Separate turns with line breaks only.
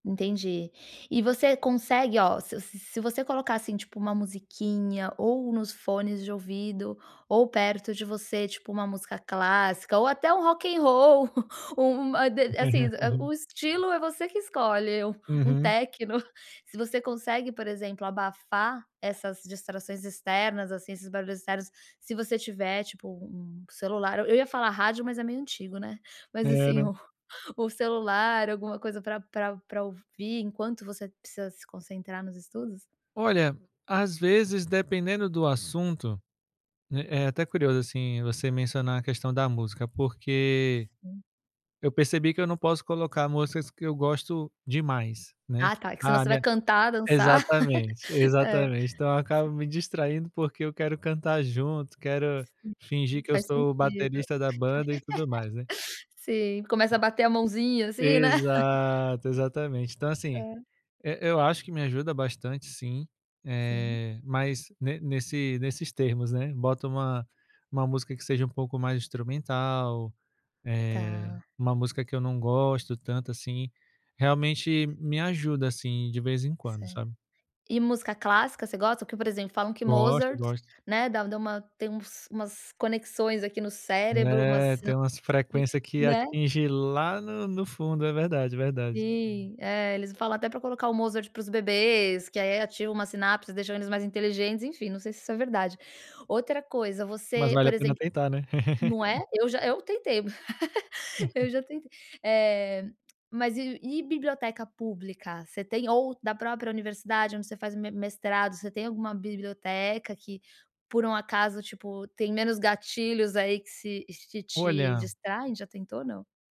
Entendi. E você consegue, ó, se se se você colocar, assim, tipo, uma musiquinha, ou nos fones de ouvido, ou perto de você, tipo, uma música clássica ou até um Rock and Roll, u u uma de assim, hã, o estilo é você que escolhe, u um
Uhum.
Tecno. Se você consegue, por exemplo, abafar essas distrações externas, assim, esses barulhos externos, se você tiver, tipo, um celular eu eu ia falar rádio, mas é meio antigo, né. Mas
É,
assim,
né.
o o celular, alguma coisa, pra pra pra ouvir enquanto você precisa se concentrar nos estudos.
Olha, às vezes, dependendo do assunto, né, é até curioso, assim, você mencionar a questão da música, porque eu percebi que eu não posso colocar músicas que eu gosto demais, né.
Ah tá, que senão
Ah,
você vai
minha
cantar, dançar.
exatamente,
É.
exatamente, então eu acabo me distraindo, porque eu quero cantar junto, quero fingir que eu
Faz
sou o
sentido.
baterista da banda, e tudo mais, né.
Sim, começa a bater a mãozinha assim, né.
Exato, exatamente. Então assim,
Hã.
e eu acho que me ajuda bastante sim,
Sim.
eh, mas ne nesse nesses termos, né. Bota uma uma música que seja um pouco mais instrumental, eh,
Tá.
uma música que eu não gosto tanto assim, realmente me ajuda, assim, de vez em quando,
Cer
sabe.
E música clássica, você gosta? Porque por exemplo, falam que
Gosto,
Mozart,
gosto.
né, dá u dá uma tem uns umas conexões aqui no cérebro,
É,
umas [unintelligible]
tem umas
aqui,
frequência que
né.
atinge lá no no fundo, é verdade, verdade.
Sim, é, eles falam até pra colocar o Mozart para os bebês, que aí ativa uma sinapse e deixam eles mais inteligentes, enfim, não sei se isso é verdade. Outra coisa,
Mas
você,
vale
por
a pena
exemplo
tentar, né.
não é? Eu já eu tentei, eu já tentei. Eh, mas e e biblioteca pública? Você tem, ou da própria universidade onde você faz me mestrado, você tem alguma biblioteca que, por um acaso, tipo, tem menos gatilhos, aí, que se que te
Olha
distraem, já tentou ou não?